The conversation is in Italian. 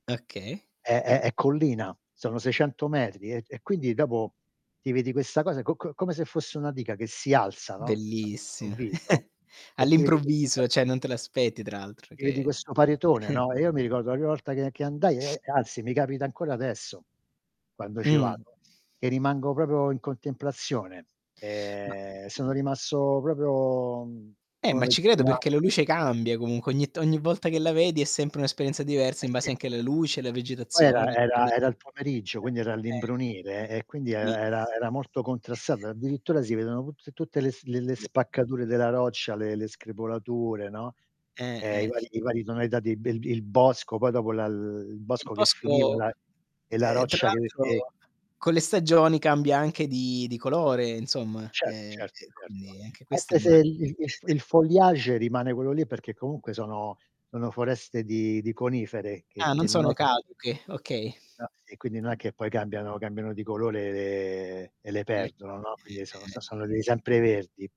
Okay. È è è collina, sono 600 metri e e quindi dopo ti vedi questa cosa co co come se fosse una diga che si alza, no, Bellissima. all'improvviso e ti vedi questo [unintelligible] All'improvviso, cioè non te l'aspetti tra l'altro Ti vedi che questo paritone, no, e io mi ricordo la prima volta che che andai, e e anzi, mi capita ancora adesso, quando ci Mh. vado, che rimango proprio in contemplazione. Ma Ehm, sono rimasto proprio, mhmm, Eh, ma come ci credo [unintelligible] perché la luce cambia comunque, ogni to ogni Sì. volta che la vedi è sempre un'esperienza diversa, Eh in base sì. anche alla luce, alla Poi era vegetazione era [unintelligible] era il pomeriggio, quindi era eh. all'imbrunire e quindi era Sì era era molto contrastato, addirittura si vedono tut tutte le s le le spaccature della roccia, le le screpolature, no, Eh, ehm, i eh. vari i vari tonalità di bel il bosco, poi dopo la l l il Il bosco che finiva bosco, la e la ehm, tra roccia che che l'altro con le stagioni cambia anche di di colore insomma Certo, e certo, e certo. quindi anche questo è Anche ma se il il il foliage rimane quello lì, perché comunque sono sono foreste di di conifere che Ah, non che non è sono che [unintelligible] caduche, okay. no, e quindi non Mh. è che poi cambiano cambiano di colore e le e le Le co perdono, no. Quindi sono eh, eh. son sono dei sempreverdi.